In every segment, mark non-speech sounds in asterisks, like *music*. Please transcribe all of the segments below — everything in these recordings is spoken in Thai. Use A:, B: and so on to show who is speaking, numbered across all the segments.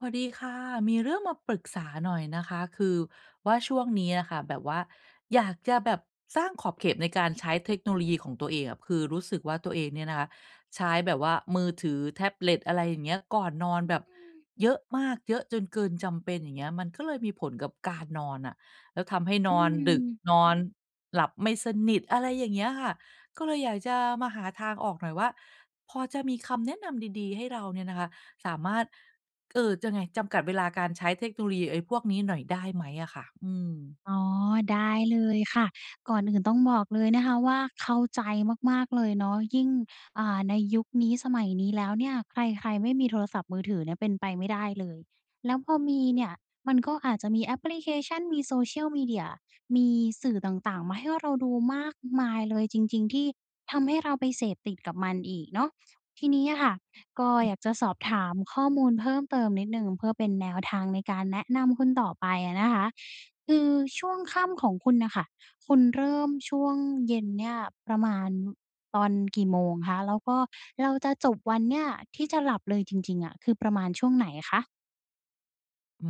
A: สวัสดีค่ะ มีเรื่องมาปรึกษาหน่อยนะคะ คือว่า ช่วงนี้อะค่ะแบบว่าอยากจะแบบสร้างขอบเขตในการใช้เทคโนโลยีของตัวเองอะ คือรู้สึกว่า ตัวเองเนี่ยนะคะใช้แบบว่ามือถือ แท็บเล็ต อะไรอย่างเงี้ย ก่อนนอน
B: อื
A: แบบ
B: ม
A: เยอะมาก เยอะจนเกินจำเป็น อย่างเงี้ย มันก็เลยมีผลกับการนอนน่ะ แล้วทำให้
B: อ
A: น
B: ื
A: อนดึก
B: ม
A: นอนหลับไม่สนิท อะไรอย่างเงี้ยค่ะ ก็เลยอยากจะมาหาทางออกหน่อยว่า พอจะมีคำแนะนำดี ๆ ให้เราเนี่ยนะคะสามารถ เอ่อ จะไง จำกัดเวลาการใช้เทคโนโลยีไอ้พวกนี้หน่อย ได้ไหมอะค่ะ? อืม
B: อ๋อ ได้เลยค่ะ ก่อนอื่นต้องบอกเลยนะคะว่า เข้าใจมาก ๆ เลยเนาะ ยิ่ง อ่า ในยุคนี้สมัยนี้แล้วเนี่ยใคร ๆ ไม่มีโทรศัพท์มือถือเนี่ยเป็นไปไม่ได้เลย แล้วพอมีเนี่ยมันก็อาจจะมีแอปพลิเคชัน มี social media มีสื่อต่าง ๆ มาให้ว่าเราดูมากมายเลยจริง ๆ ที่ทำให้เราไปเสพติดกับมันอีกเนาะ ทีนี้อะค่ะก็อย
A: *unintelligible*
B: ากจะสอบถามข้อมูลเพิ่มเติมนิดหนึ่ง เพื่อเป็นแนวทางในการแนะนำคุณต่อไปอะนะคะ คือช่วงค่ำของคุณน่ะค่ะ คุณเริ่มช่วงเย็นเนี่ยประมาณตอนกี่โมงคะ? แล้วก็เราจะจบวันเนี่ยที่จะหลับเลยจริง ๆ อะคือประมาณช่วงไหนอะคะ?
A: อื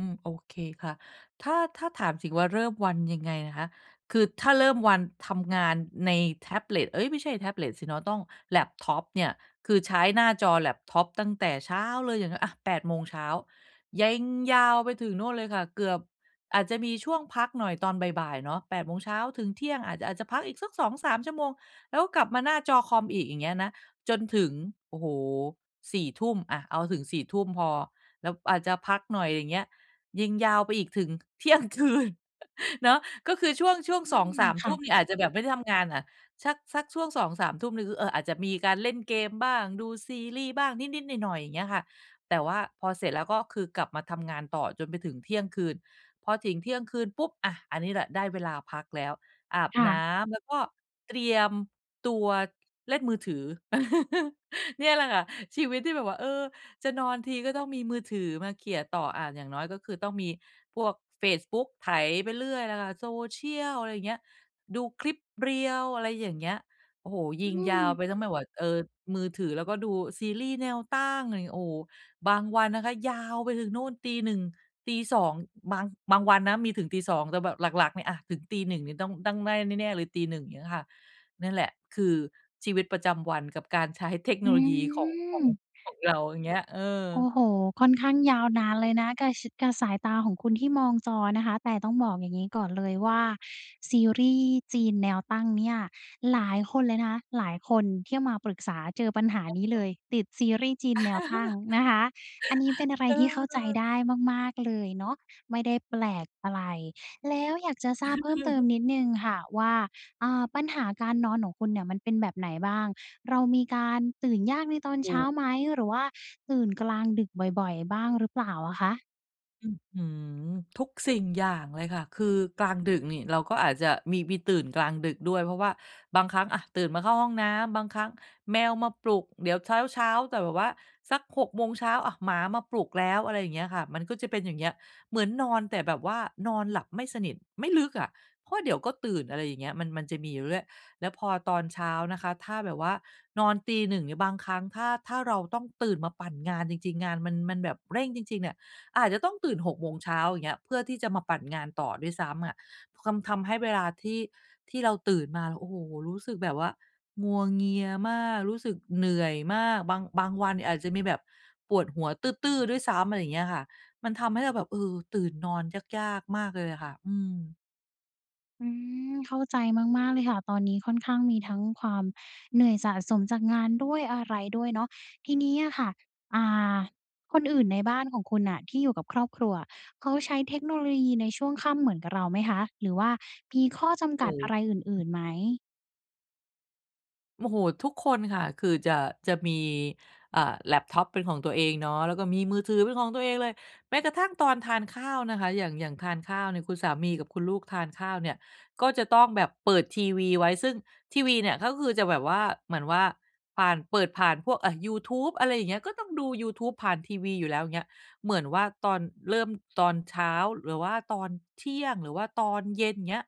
A: ม โอเคค่ะ ถ้า ถ้าถามสิว่าเริ่มวันยังไงนะคะ คือถ้าเริ่มวันทำงานในแท็บเล็ต เอ๊ย ไม่ใช่แท็บเล็ตสิเนาะ ต้องแล็ปท็อปเนี่ย คือใช้หน้าจอแล็ปท็อปตั้งแต่เช้าเลยอย่าง อะ 8 โมงเช้า เยงยาวไปถึงโน่นเลยค่ะ เกือบ อาจจะมีช่วงพักหน่อยตอนบ่าย ๆ เนาะ 8 โมงเช้าถึงเที่ยงอาจจะ อาจจะพักอีกสัก 2-3 ชั่วโมง แล้วก็กลับมาหน้าจอคอมอีก อย่างเงี้ยนะ จนถึง โอ้โฮ 4 ทุ่ม อะ เอาถึง 4 ทุ่มพอ แล้วอาจจะพักหน่อย อย่างเงี้ย ยิงยาวไปอีกถึง เที่ยงคืน *chuckles* เนาะ ก็คือช่วง ช่วง
B: อื
A: สอง
B: ม
A: สาม
B: ค
A: ท
B: ่
A: ุ่
B: ะ
A: มนี่ อาจจะแบบไม่ได้ทำงานอะ สัก สักช่วง 2-3 ทุ่มนี่คือ เอ่อ อาจจะมีการเล่นเกมบ้าง ดูซีรีส์บ้าง นิด ๆ หน่อย ๆ อย่างเงี้ยค่ะ แต่ว่าพอเสร็จแล้วก็คือกลับมาทำงานต่อจนไปถึงเที่ยงคืน พอถึง เที่ยงคืนปุ๊บ อะ อันนี้แหละได้เวลาพักแล้ว อาบ
B: ค่
A: น
B: ะ
A: ้ำ แล้วก็ เตรียมตัวเล่นมือถือ *chuckles* เนี่ยแหละค่ะ ชีวิตที่แบบว่า เออ จะนอนทีก็ต้องมีมือถือมาเขี่ยต่อ อะ อย่างน้อยก็คือต้องมีพวกเฟซบุ๊ก ไถไปเรื่อยล่ะค่ะ Social อะไรอย่างเงี้ย ดูคลิป reels อะไรอย่างเงี้ย โอ้โฮ ย
B: อื
A: ิงยาว
B: ม
A: ไปทั้งไม่ว่า เออ มือถือแล้วก็ดูซีรีส์แนวตั้ง อะไรอย่างเงี้ย โอ้โฮ บางวันนะคะ ยาวไปถึงนู่นตี 1 ตี 2 บาง บางวันนะมีถึงตี 2 แต่แบบหลัก ๆ เนี่ยอะ ถึงตี 1 นี่ต้อง ต้องได้แน่ ๆ เลยตี 1 อย่างนี้ค่ะ นั่นแหละคือชีวิตประจำวันกับการใช้เทค
B: อ
A: โน
B: ื
A: โลยีของ ของ
B: ม
A: ของเรา อย่างเงี้ย เอ
B: โอ้
A: อ
B: โฮ ค่อนข้างยาวนานเลยนะ กะชิด กะสายตาของคุณที่มองจอนะคะ แต่ต้องบอกอย่างงี้ก่อนเลยว่า ซีรีส์จีนแนวตั้งเนี่ย หลายคนเลยนะคะ หลายคนที่มาปรึกษาเจอปัญหานี้เล
A: *unintelligible*
B: ย ติดซีรีส์จีนแนวตั้ง
A: *chuckles*
B: นะคะ อันนี้เป็นอะไร
A: เ
B: ที่เข้าใจ
A: ออ
B: ได้มาก ๆ เลยเนาะ ไม่ได้แปลกอะไร แล้วอยากจะทราบเพิ่มเติม
A: *chuckles*
B: นิดหนึ่งค่ะว่า เอ่อ ปัญหาการนอนของคุณเนี่ยมันเป็นแบบไหนบ้าง? เรามีการตื่นยากในตอน
A: อ
B: เ
A: ื
B: ช้า
A: ม
B: ไหม? หรือว่าตื่นกลางดึกบ่อย ๆ บ้างหรือเปล่าอะคะ?
A: อื้อฮือ ทุกสิ่งอย่างเลยค่ะ คือกลางดึกนี่เราก็อาจจะมี มีตื่นกลางดึกด้วย เพราะว่าบางครั้ง อะ ตื่นมาเข้าห้องน้ำ บางครั้งแมวมาปลุก เดี๋ยวเช้า ๆ แต่แบบว่าสัก 6 โมงเช้า อะ หมามาปลุกแล้ว อะไรอย่างเงี้ยค่ะ มันก็จะเป็นอย่างเงี้ย เหมือนนอน แต่แบบว่านอนหลับไม่สนิท ไม่ลึกอะ เพราะเดี๋ยวก็ตื่น อะไรอย่างเงี้ย มัน มันจะมีอยู่ด้วย แล้วพอตอนเช้านะคะ ถ้าแบบว่านอนตี 1 เนี่ย บางครั้ง ถ้า ถ้าเราต้องตื่นมาปั่นงานจริง ๆ งานมัน มันแบบเร่งจริง ๆ เนี่ย อาจจะต้องตื่น 6 โมงเช้า อย่างเงี้ย เพื่อที่จะมาปั่นงานต่อด้วยซ้ำอะ ทำ ทำให้เวลาที่ ที่เราตื่นมา โอ้โฮ รู้สึกแบบว่างัวเงียมาก รู้สึกเหนื่อยมาก บาง บางวันเนี่ยอาจจะมีแบบปวดหัวตื้อ ๆ ด้วยซ้ำ อะไรอย่างเงี้ยค่ะ มันทำให้เราแบบ เออ ตื่นนอนยาก ๆ มากเลยอะค่ะ อืม
B: อืม เข้าใจมาก ๆ เลยค่ะ ตอนนี้ค่อนข้างมีทั้งความเหนื่อยสะสมจากงานด้วยอะไรด้วยเนาะ ทีนี้อะค่ะ อ่า คนอื่นในบ้านของคุณน่ะที่อยู่กับครอบครัวอะ เขาใช้เทคโนโลยีในช่วงค่ำเหมือนกะเราไหมคะ หรือว่ามีข้อจำ
A: โอ
B: ก
A: ้
B: ัดอะไรอ
A: โ
B: ื่
A: ฮ
B: น ๆ ไหม?
A: โมโหทุกคนค่ะ คือจะ จะมี อ่า แล็ปท็อปเป็นของตัวเองเนาะ แล้วก็มีมือถือเป็นของตัวเองเลย แม้กระทั่งตอนทานข้าวนะคะ อย่าง อย่างทานข้าวเนี่ย คุณสามีกับคุณลูกทานข้าวเนี่ย ก็จะต้องแบบเปิดทีวีไว้ ซึ่งทีวีเนี่ยก็คือจะแบบว่า เหมือนว่าผ่าน เปิดผ่านพวก อะ ยูทูบ อะไรอย่างเงี้ย ก็ต้องดูยูทูบผ่านทีวีอยู่แล้วเงี้ย เหมือนว่าตอน เริ่มตอนเช้า หรือว่าตอนเที่ยง หรือว่าตอนเย็นเงี้ย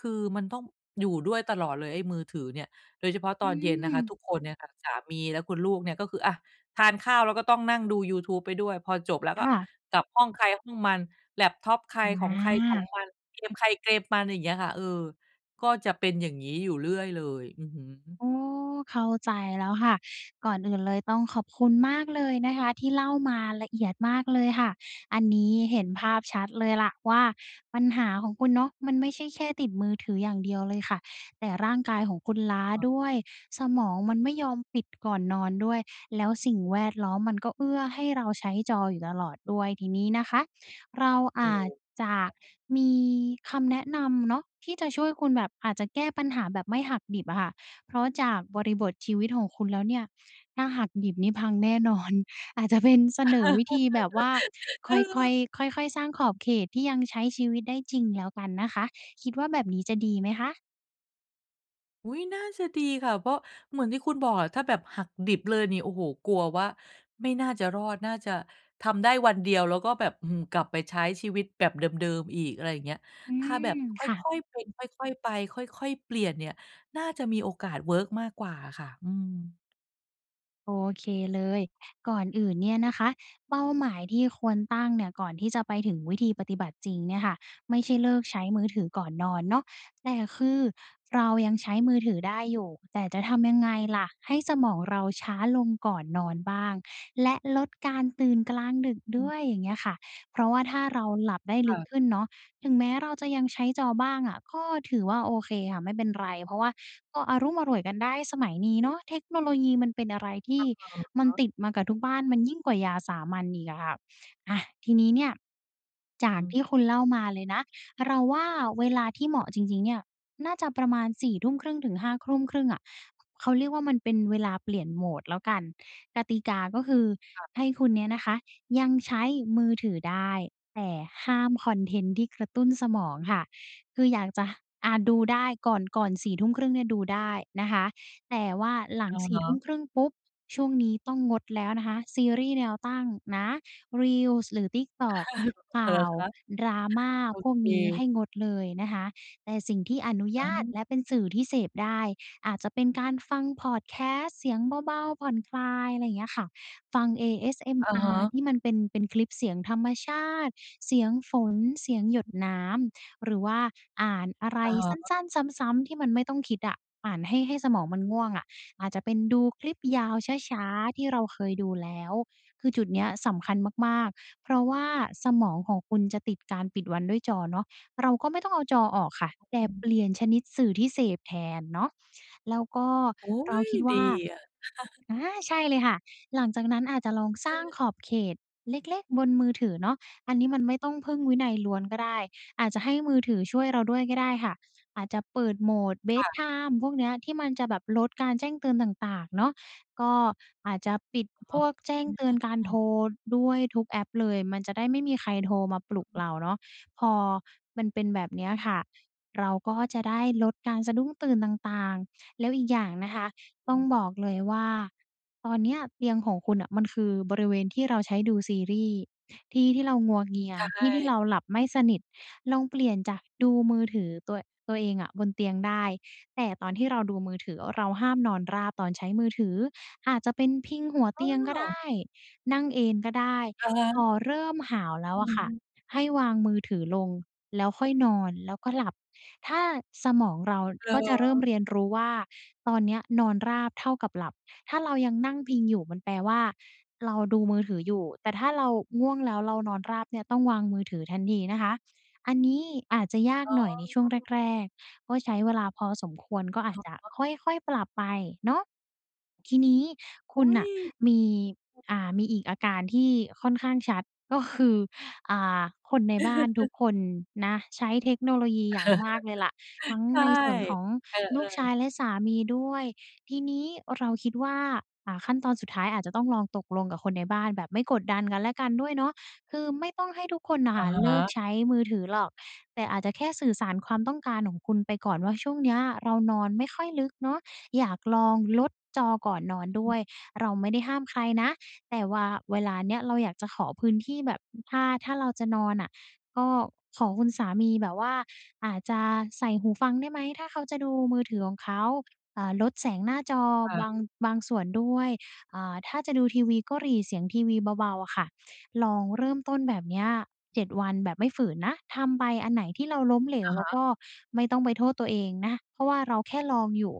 A: คือมันต้องอยู่ด้วยตลอดเลย ไอ้มือถือเนี่ย โดยเฉพาะ
B: อ
A: ต
B: ื
A: อนเย็นนะคะ
B: ม
A: ทุกคนเนี่ยค่ะ สามีและคุณลูกเนี่ยก็คือ อะ ทานข้าวแล้วก็ต้องนั่งดูยูทูบไปด้วย พอจบแล้วก
B: ค
A: ็
B: ่ะ
A: กลับห้องใครห้องมัน แล็ปท็อปใคร
B: อ
A: ของใครของ
B: า
A: มัน เกมใครเกมมัน อย่างเงี้ยค่ะ เออ ก็จะเป็นอย่างงี้อยู่เรื่อยเลย อือฮึ
B: อ๋อ เข้าใจแล้วค่ะ ก่อนอื่นเลยต้องขอบคุณมากเลยนะคะ ที่เล่ามาละเอียดมากเลยค่ะ อันนี้เห็นภาพชัดเลยล่ะว่า ปัญหาของคุณเนาะ มันไม่ใช่แค่ติดมือถืออย่างเดียวเลยค่ะ แต่ร่างกายของคุณล้า
A: *unintelligible*
B: ด้วย สมองมันไม่ยอมปิดก่อนนอนด้วย แล้วสิ่งแวดล้อมมันก็เอื้อให้เราใช้จออยู่ตลอดด้วย ทีนี้นะคะ เราอ
A: อื
B: า
A: ม
B: จจะ
A: ค่ะ
B: มีคำแนะนำเนาะ ที่จะช่วยคุณแบบ อาจจะแก้ปัญหาแบบไม่หักดิบอะค่ะ เพราะจากบริบทชีวิตของคุณแล้วเนี่ย ถ้าหักดิบนี่พังแน่ นอน อาจจะเป็นเสนอวิธีแบบว่า
A: *laughs*
B: ค่
A: เออ
B: อย ๆ ค่อย ๆ สร้างขอบเขตที่ยังใช้ชีวิตได้จริงแล้วกันนะคะ คิดว่าแบบนี้จะดีไหมคะ?
A: อุ๊ย น่าจะดีค่ะ เพราะ เหมือนที่คุณบอกอะ ถ้าแบบหักดิบเลยนี่ โอ้โฮ! กลัวว่าไม่น่าจะรอด น่าจะทำได้วันเดียวแล้วก็แบบ อื้อฮือ กลับไปใช้ชีวิตแบบเดิม ๆ อีก อะไรอย่างเงี้ย
B: อื
A: ถ้าแบ
B: ม
A: บค
B: ค่ะ
A: ่อย ๆ เป็นค่อย ๆ ไป ค่อย ๆ เปลี่ยนเนี่ย น่าจะมีโอกาสเวิร์กมากกว่าอะค่ะ อืม
B: โอเคเลย ก่อนอื่นเนี่ยนะคะ เป้าหมายที่ควรตั้งเนี่ย ก่อนที่จะไปถึงวิธีปฏิบัติจริงเนี่ยค่ะ ไม่ใช่เลิกใช้มือถือก่อนนอนเนาะ แต่คือเรายังใช้มือถือได้อยู่ แต่จะทำยังไงล่ะให้สมองเราช้าลงก่อนนอนบ้าง และลดการตื่นกลางดึก
A: อ
B: ด
A: ื
B: ้
A: ม
B: วย? อย่างเงี้ยค่ะ เพราะว่าถ้าเราหลับได้ล
A: ค
B: ึ
A: ่
B: ก
A: ะ
B: ขึ้นเนาะ ถึงแม้เราจะยังใช้จอบ้างอะ ก็ถือว่าโอเคค่ะ ไม่เป็นไร เพราะว่าก็อะลุ้มอล่วยกันได้ สมัยนี้เนาะเทคโนโลยีมันเป็นอะไรที
A: อ
B: ่
A: ะ
B: มั
A: ฮ
B: น
A: ะ
B: ติดมากับทุกบ้าน มันยิ่งกว่ายาสามัญอีกอะค่ะ อะ ทีนี้เนี่ย จ
A: อือ
B: าก
A: ฮ
B: ท
A: ึ
B: ี่คุณเล่ามาเลยนะ เราว่าเวลาที่เหมาะจริง ๆ เนี่ย น่าจะประมาณ 4 ทุ่มครึ่งถึง 5 ทุ่ม ครึ่งอะ ข เขาเรียกว่า มันเป็นเวลาเปลี่ยน mode แล้วกัน กติกาก็คือ
A: ค่ะ
B: ให้คุณเนี่ยนะคะยังใช้มือถือได้ แต่ห้ามคอนเทนต์ที่กระตุ้นสมองค่ะ คืออยากจะ อา ดูได้ ก่อน ก่อน 4 ทุ่มครึ่งเนี่ยดูได้นะคะ แต่ว่าหลัง
A: อะ
B: สี
A: ฮ
B: ่ ทุ่
A: ะ
B: มครึ่งปุ๊บ ช่วงนี้ต้องงดแล้วนะคะ ซีรีส์แนวตั้งนะ Reels หรือ TikTok
A: *chuckles*
B: ข
A: เหร
B: ่
A: อ
B: าว
A: คะ?
B: ดราม่า
A: โอ
B: พวก
A: เ
B: นี้ให
A: ค
B: ้งดเลยนะคะ แต่สิ่งที่อนุญ
A: อา
B: าตและเป็นสื่อที่เสพได้ อาจจะเป็นการฟังพอดแคสต์ เสียงเบา ๆ ผ่อนคลาย อะไรอย่างเงี้ยค่ะ ฟัง
A: อะฮ
B: ASMR
A: ะ
B: ที่มันเป็น เป็นคลิปเสียงธรรมชาติ เสียงฝน เสียงหยดน้ำ หรือว่าอ่านอะไร
A: อะฮ
B: สั
A: ะ
B: ้น ๆ ซ้ำ ๆ ที่มันไม่ต้องคิดอะ อ่านให้ ให้สมองมันง่วงอะ อาจจะเป็นดูคลิปยาวช้า ๆ ที่เราเคยดูแล้ว คือจุดนี้อะสำคัญมาก ๆ เพราะว่าสมองของคุณจะติดการปิดวันด้วยจอเนาะ เราก็ไม่ต้องเอาจอออกค่ะ แต่เปลี่ยนชนิดสื่อที่เสพแทนเนาะ แล้วก็
A: โอ๊
B: เรา
A: ย
B: คิดว
A: ด
B: ่
A: ี
B: า
A: อะ *chuckles*
B: อา ใช่เลยค่ะ หลังจากนั้นอาจจะลองสร้าง
A: เออ
B: ขอบเขตเล็ก ๆ บนมือถือเนาะ อันนี้มันไม่ต้องพึ่งวินัยล้วนก็ได้ อาจจะให้มือถือช่วยเราด้วยก็ได้ค่ะ อาจจะเปิด mode เบ
A: ค
B: ด
A: ่ะ
B: ไทม์ พวกนี้อะ ที่มันจะแบบลดการแจ้งเตือนต่าง ๆ เนาะ ก็อาจจะปิด
A: อ
B: พ
A: ๋อ
B: วกแจ้
A: อ
B: ง
A: ื
B: เตือนการโท
A: ม
B: รด้วย ทุกแอปเลย มันจะได้ไม่มีใครโทรมาปลุกเราเนาะ พอมันเป็นแบบนี้อะค่ะ เราก็จะได้ลดการสะดุ้งตื่นต่าง ๆ แล้วอีกอย่างนะคะ
A: อ
B: ต้
A: ื
B: อง
A: ม
B: บอกเลยว่า ตอนเนี้ยเตียงของคุณน่ะ มันคือบริเวณที่เราใช้ดูซีรีส์ ที่ที่เรางัวเงีย
A: ใช
B: ที่ที่
A: ่
B: เราหลับไม่สนิท ลองเปลี่ยนจากดูมือถือตัว ตัวเองอะบนเตียงได้ แต่ตอนที่เราดูมือถือ เราห้ามนอนราบตอนใช้มือถือ อาจจะเป็นพิงหัว
A: เ
B: เตียงก็ได
A: ออ
B: ้ นั่งเอนก็ได้
A: อะฮ
B: พ
A: ะ
B: อเริ่มหาวแล้
A: อ
B: ว
A: ื
B: อะ
A: อ
B: ค
A: ฮ
B: ่ะ
A: ึ
B: ให้วางมือถือลงแล้วค่อยนอน แล้วก็หลับ ถ้า สมองเรา
A: เหร
B: ก็จะเริ่ม
A: อ?
B: เรียนรู้ว่า ตอนนี้อะนอนราบเท่ากับหลับ ถ้าเรายังนั่งพิงอยู่มันแปลว่า เราดูมือถืออยู่ แต่ถ้าเราง่วงแล้วเรานอนราบเนี่ย ต้องวางมือถือทันทีนะคะ อันนี้อาจจะยาก
A: อ๋
B: หน่อยใน
A: อ
B: ช่วงแรก ๆ ก็ใช้เวลาพอสมควร ก็อ
A: อ
B: าจ
A: ะ
B: จะ
A: ฮะ
B: ค่อย ๆ ปรับไปเนาะ ทีนี้ค
A: อ
B: ุ
A: ุ
B: ณ
A: ๊
B: น่
A: ย!
B: ะมี อ่า มีอีกอาการที่ค่อนข้างชัด ก็คือ อ่า คนในบ้านทุก
A: *chuckles*
B: คนนะ ใช้เทคโนโลยีอย่างมากเลยแหละ ทั้
A: *chuckles*
B: ง
A: ใช่
B: ในส่วนของ
A: เอ
B: ลู
A: อ
B: กชา
A: ๆ
B: ยและสามีด้วย ทีนี้เราคิดว่า อะ ขั้นตอนสุดท้ายอาจจะต้องลองตกลงกับคนในบ้าน แบบไม่กดดันกันและกันด้วยเนาะ คือไม่ต้องให้ทุกคนน่ะ
A: อ
B: ค
A: ะ
B: ่ะ
A: ฮ
B: เลิก
A: ะ
B: ใช้มือถือหรอก แต่อาจจะแค่สื่อสารความต้องการของคุณไปก่อนว่า ช่วงนี้อะเรานอนไม่ค่อยลึกเนาะ อยากลองลดจอก่อนนอนด้วย เราไม่ได้ห้ามใครนะ แต่วาเวลานี้อะเราอยากจะขอพื้นที่แบบ อ ถ้า ถ้าเราจะนอนน่ะ ก็ขอคุณสามีแบบว่า อาจจะใส่หูฟังได้ไหม? ถ้าเขาจะดูมือถือของเขา อ่า ลดแสงหน้าจอ
A: ค่
B: บ
A: ะ
B: าง บางส่วนด้วย อ่า ถ้าจะดูทีวีก็หรี่เสียงทีวีเบา ๆ อะค่ะ ลองเริ่มต้นแบบเนี้ย 7 วันแบบไม่ฝืนนะ ทำไป อันไหนที่เราล้มเหล
A: อ
B: ว
A: ะ
B: เร
A: ฮ
B: า
A: ะ
B: ก็ไม่ต้องไปโทษตัวเองนะ เพราะว่าเราแค่ลองอยู่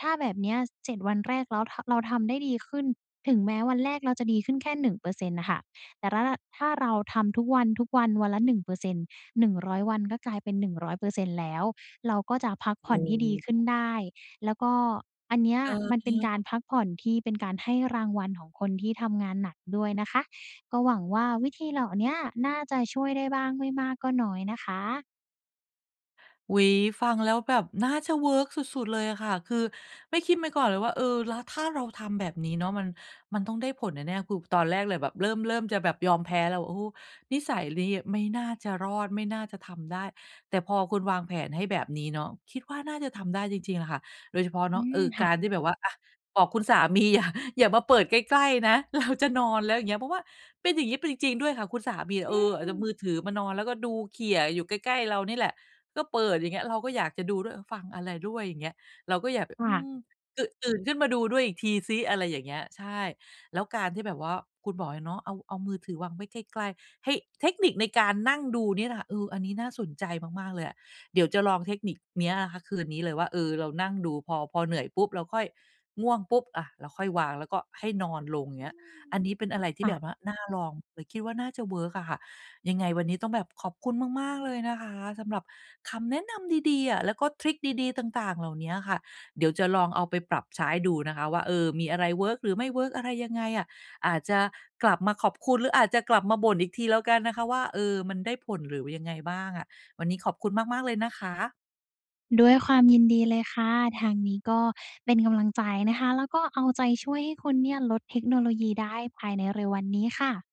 B: ถ้าแบบนี้อะ 7 วันแรกแล้ว ท เราทำได้ดีขึ้น ถึงแม้วันแรกเราจะดีขึ้นแค่ 1% น่ะค่ะ แต่ระ ถ้าเราทำทุกวัน ๆ วันละ 1% หนึ่งร้อยวันก็กลายเป็น 100% แล้ว เราก็จะพักผ
A: อ
B: ่
A: ื
B: อนให้ดี
A: ม
B: ขึ้นได้ แล้วก็อันเนี้ย
A: อือ
B: มัน
A: ฮ
B: เป็น
A: ึ
B: การพักผ่อนที่เป็นการให้รางวัลของคนที่ทำงานหนักด้วยนะคะ ก็หวังว่าวิธีเหล่าเนี้ย น่าจะช่วยได้บ้าง ไม่มากก็น้อยนะคะ
A: อุ๊ย ฟังแล้วแบบน่าจะเวิร์กสุด ๆ เลยอะค่ะ คือไม่คิดมาก่อนเลยว่า เออ แล้วถ้าเราทำแบบนี้เนาะ มัน มันต้องได้ผลแน่ ๆ คือตอนแรกเลยแบบเริ่ม เริ่มจะแบบยอมแพ้แล้ว โอ้ นิสัยลี้ไม่น่าจะรอด ไม่น่าจะทำได้ แต่พอคุณวางแผนให้แบบนี้เนาะ คิดว่าน่าจะทำได้จริง ๆ แหละค่ะ โดยเฉพาะ
B: อ
A: เน
B: ื
A: าะ เอ
B: ม
A: อ
B: ค
A: ก
B: ่
A: า
B: ะ
A: รที่แบบว่า อะ บอกคุณ สามีอย่า อย่ามาเปิดใกล้ ๆ นะ เรา จะนอนแล้วอย่างเงี้ย เพราะว่าเป็นอย่างงี้ เป็นจริง ๆ ด้วยค่ะคุณสามี
B: อ
A: เออ อ
B: ื
A: าจจะ
B: ม
A: มือถือมานอน แล้วก็ดูเขี่ยอยู่ใกล้ ๆ เรานี่แหละ ก็เปิดอย่างเงี้ย เราก็อยากจะดูด้วย เออ ฟังอะไรด้วยอย่างเงี้ย เราก็อยากไป
B: ค
A: อ
B: ่
A: ื
B: ะ
A: ม ตื่น ตื่นขึ้นมาดูด้วยอีกทีซิ อะไรอย่างเงี้ย ใช่ แล้วการที่แบบว่า คุณบอกเลยเนาะ เอา เอามือถือวางไว้ใกล้ ๆ เฮ้ย เทคนิคในการนั่งดูเนี่ยนะคะ เออ อันนี้น่าสนใจมาก ๆ เลยอะ เดี๋ยวจะลองเทคนิคเนี้ยอะคะคืนนี้เลยว่า เออ เรานั่งดูพอ พอเหนื่อยปุ๊บ เราค่อย ง่วงปุ๊บ อะ เราค่อยวาง แล้วก็ให้นอนลง
B: อ
A: เ
B: ื
A: งี้ย
B: ม
A: อันนี้เป็นอะไรที
B: ค
A: ่
B: ่
A: แบ
B: ะ
A: บว่าน่าลอง แต่คิดว่าน่าจะเวิร์กอะค่ะ ยังไงวันนี้ต้องแบบขอบคุณมาก ๆ เลยนะคะ สำหรับคำแนะนำดี ๆ อะ แล้วก็ทริกดี ๆ ต่าง ๆ เหล่าเนี้ยค่ะ เดี๋ยวจะลองเอาไปปรับใช้ดูนะคะ ว่า เออ มีอะไรเวิร์ก หรือไม่เวิร์กอะไรยังไงอะ อาจจะกลับมาขอบคุณ หรืออาจจะกลับมาบ่นอีกทีแล้วกันนะคะว่า เออ มันได้ผล หรือว่ายังไงบ้างอะ วันนี้ขอบคุณมาก ๆ เลยนะคะ
B: ด้วยความยินดีเลยค่ะ ทางนี้ก็เป็นกำลังใจนะคะ แล้วก็เอาใจช่วยให้คุณเนี่ยลดเทคโนโลยีได้ภายในเร็ววันนี้ค่ะ